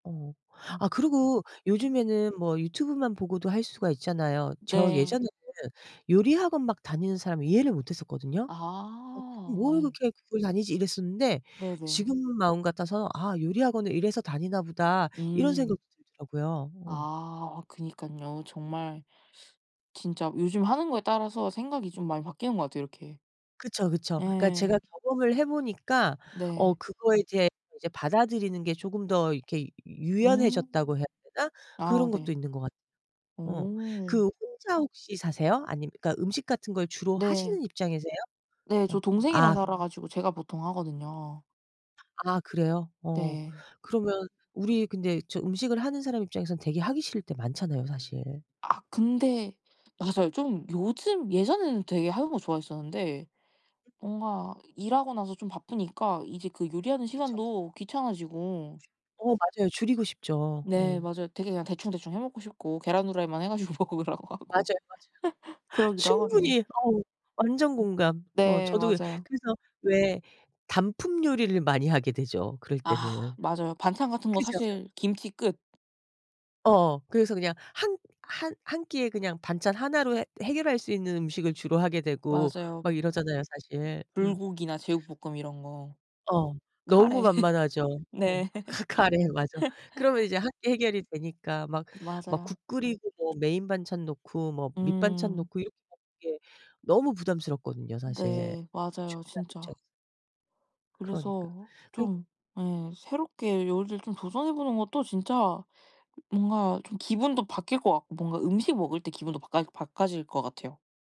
어. 어. 아 그리고 음. 요즘에는 뭐 유튜브만 보고도 할 수가 있잖아요. 저 네. 예전에는 요리학원 막 다니는 사람 이해를 못 했었거든요. 예. 아 '뭘 예. 그렇게 그걸 다니지?' 이랬었는데 네네. 지금 마음 같아서 '아 요리학원을 이래서 다니나 보다.' 이런 음. 생각도 들더라고요. 아. 어. 아 그니깐요. 정말 진짜 요즘 하는 거에 따라서 생각이 좀 많이 바뀌는 것 같아요 이렇게. 그쵸, 그쵸. 그러니까 예. 제가 경험을 해 보니까 어 네. 그거에 대해 이제 받아들이는 게 쪼금 더 이렇게 유 음. 유연해졌다고 해야 되나 아 그런 것도 네. 있는 것 같 어. 어. 그 혼자 혹시 사세요? 아님 그러니까 음식 같은 걸 주로 네. 하시는 입장이세요? 네. 저 어. 동생이랑 아. 살아 가지고 제가 보통 하거든요. 아 그래요? 어. 네. 그러면 우리 근데 저 음식을 하는 사람 입장에서는 되게 하기 싫을 때 많잖아요 음. 사실. 아 근데 맞아요. 좀 요즘 예전에는 되게 하는 거 좋아했었는데 뭔가 일하고 나서 좀 바쁘니까 이제 그 요리하는 그쵸. 시간도 귀찮아지고. 어 맞아요. 줄이고 싶죠. 네. 어. 맞아요. 되게 그냥 대충대충 해 먹고 싶고 계란후라이만 해 가지고 먹으라고 하고 맞아요, 맞아요. 그러기도 하거든요. 충분히. 어 완전 음. 공감. 어 네. 저도 맞아요. 그래서 왜 단품요리를 많이 하게 되죠 그럴 아 때는. 맞아요. 반찬 같은 거 그죠? 사실 김치 끝. 어. 그래서 그냥 한 한 한 끼에 그냥 반찬 하나로 해 해결할 수 있는 음식을 주로 하게 되고 맞아요. 막 이러잖아요 사실. 음. 불고기나 제육볶음 이런 거. 어. 너무 카레. 만만하죠. 어 네. 크 카레. 맞아. 그러면 이제 함께 해결이 되니까 막 막 맞아. 국 끓이고 뭐 메인 반찬 놓고 뭐 밑반찬 음. 놓고 이렇게 먹는 게 너무 부담스럽거든요 사실 네. 맞아요 준비하는 진짜. 입장에서. 그러니까. 그래서 그니 좀 예 새롭게 요리를 좀 도전해 보는 것도 진짜 뭔가 좀 기분도 바뀔 것 같고 뭔가 음식 먹을 때 기분도 바까 바꿔질 것 같아요.